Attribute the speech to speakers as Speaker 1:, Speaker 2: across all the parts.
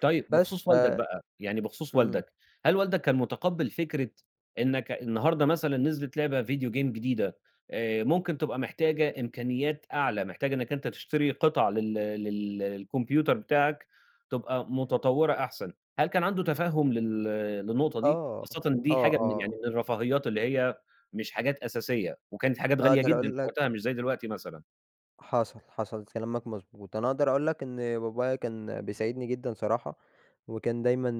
Speaker 1: طيب،
Speaker 2: بس،
Speaker 1: بخصوص
Speaker 2: ف
Speaker 1: والدك بقى يعني بخصوص
Speaker 2: إمم.
Speaker 1: والدك، هل والدك كان متقبّل فكرة إنّك أ النهارده مثلًا نزلت لعبة video game جديدة آآ، ممكن تبقى محتاجة إمكانيات أعلى، محتاجة إنّك أنت تشتري قطع لل لل للcomputer بتاعك، تبقى متطوّرة أحسن، هل كان عنده تفهُّم لل للنقطة دي؟
Speaker 2: آه،
Speaker 1: خاصةً
Speaker 2: آه،
Speaker 1: دي حاجة من يعني
Speaker 2: آه.
Speaker 1: من الرفاهيات، اللي هي مش حاجات أساسية، وكانت حاجات غالية
Speaker 2: أقدر
Speaker 1: جدًا في
Speaker 2: أقول لك
Speaker 1: وقتها مش زي دلوقتي مثلًا؟
Speaker 2: حصل، حصل كلامك مضبوط، أنا اقدر اقول لك إن بابايا كان بيساعدني جدًا صراحة، وكان دايمًا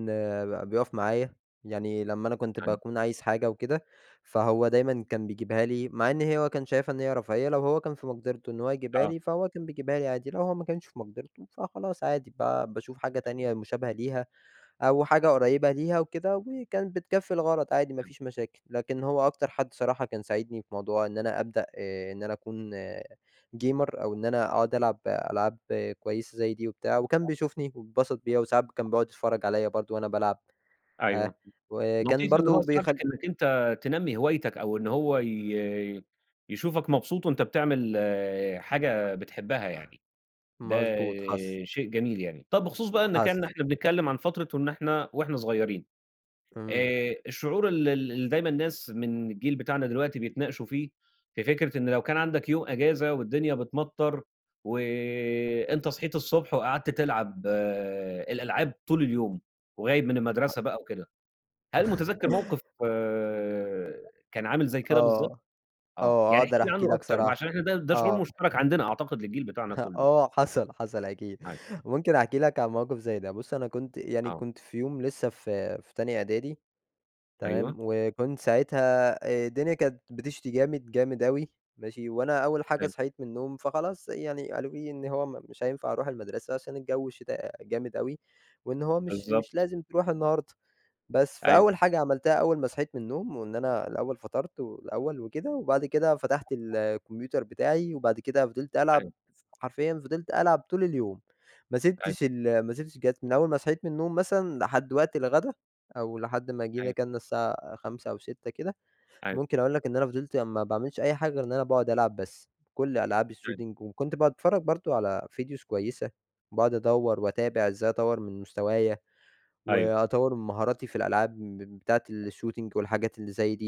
Speaker 2: ب بيُقف معايا، يعني لمّا أنا كنت
Speaker 1: أيوه.
Speaker 2: باكون عايز حاجة وكده، فهو دايمّا كان بيجيبها لي مع إن هو كان شايفها إن هي رفاهية لو هو كان في مقدرتُه إن هو يجيبها
Speaker 1: آه.
Speaker 2: لي فهو كان بيجيبها لي عادي، لو هو ما كانش في مقدرتُه فخلاص عادي، با باشوف حاجة تانية مشابهة ليها، أو حاجة قريّبة ليها وكده، وكانت بتكفّي الغرض عادي ما
Speaker 1: امم.
Speaker 2: فيش مشاكل، لكن هو أكتر حد صراحة كان ساعدني في موضوع إن أنا ابدأ آآ إن أنا اكون gamer أو إن أنا اقعُد ألعب ألعاب كويسة زي دي وبتاع، وكان بيشوفني وبيتبسط بيّا وساعات ب كان بيقعُد يتفرّج
Speaker 1: [unintelligible]
Speaker 2: عليَّ برضه وأنا بالعب ها
Speaker 1: أيوه
Speaker 2: وكان
Speaker 1: لطيف إن هو
Speaker 2: برضه
Speaker 1: يساعدك
Speaker 2: بيخل
Speaker 1: إنّك أنت تنمّي هوايتك، أو إن هو ي يشوفك مبسوط وأنت بتعمل حاجة بتحبها يعني، ده
Speaker 2: مضبوط، حصل.
Speaker 1: شيء جميل يعني، طَب بخصوص بقى إنّك
Speaker 2: حصل.
Speaker 1: يعني إحنا بنتكلم عن فترة وإن إحنا وإحنا صغيّرين
Speaker 2: امم.
Speaker 1: آآ، الشعور ال ال اللي دايمًا الناس من الجيل بتاعنا دلوقتي بيتناقشوا فيه، في فكرة إن لو كان عندك يوم أجازة، والدنيا بتمطَّر وأنت صحيت الصبح، وقعدت تلعب الألعاب طول اليوم، وغايب من
Speaker 2: [unintelligible]
Speaker 1: المدرسة بقى وكده، هل مُتذكِّر موقف كان عامل زي كده بالضبط؟
Speaker 2: آه،
Speaker 1: آه،
Speaker 2: آه،
Speaker 1: يعني احكِ
Speaker 2: أقدر
Speaker 1: لي
Speaker 2: احكي
Speaker 1: عنُّه
Speaker 2: لك
Speaker 1: أكتر بقى، عشان
Speaker 2: صراحة،
Speaker 1: إحنا ده ده شعور
Speaker 2: آه.
Speaker 1: مشترك عندنا أعتقد للجيل بتاعنا كلّه.
Speaker 2: آه، وحصل، حصل أكيد،
Speaker 1: [unintelligible]
Speaker 2: ممكن أحكي لك عن موقف زي ده بُصّ أنا كنت يعني
Speaker 1: آه.
Speaker 2: كنت في يوم لسه في في تانية إعدادي تمام،
Speaker 1: أيوه.
Speaker 2: وكنت ساعتها آآ، الدنيا كانت بتشتي جامد، جامد أوي ماشي، وأنا أول حاجة
Speaker 1: حلو.
Speaker 2: صحيت من النوم فخلاص يعني قالوا لي إن هو ما مش هينفع أرُوح المدرسة عشان الجو شتا جامد أوي وإن هو مش مش
Speaker 1: بالضبط.
Speaker 2: لازم تروح النهارده، بس
Speaker 1: أيوه.
Speaker 2: فأول حاجة عملتها أول ما صحيت من النوم، وإن أنا الأول فطرت، والأول وكده، وبعد كده فتحت
Speaker 1: [unintelligible]
Speaker 2: الcomputer بتاعي، وبعد كده فضلت
Speaker 1: [unintelligible] حلو.
Speaker 2: ألعب ف حرفيًا فضلت ألعب طول اليوم، ما
Speaker 1: أيوه.
Speaker 2: سِبتش ال ما سِبتش الجهاز من أول ما صحيت من النوم مثلًا لحد وقت الغدا، أو لحد ما جينا
Speaker 1: أيوه.
Speaker 2: كَلنا الساعة 17:00 أو 18:00 كده
Speaker 1: أيوه.
Speaker 2: ممكن أقول لك إن أنا فضِلت ما باعملش أي حاجة غير إن أنا باقعُد ألعب بس، بكُلّ ألعاب
Speaker 1: فاهم.
Speaker 2: الshooting وكنت باتفرّج برضه على videos كويسة باقعُد أدوّر واتابع ازاي أطوّر من مستوايا،
Speaker 1: أيوه.
Speaker 2: وأطوّر من مهاراتي في الألعاب مم بتاعة الshooting والحاجات اللي زي دي.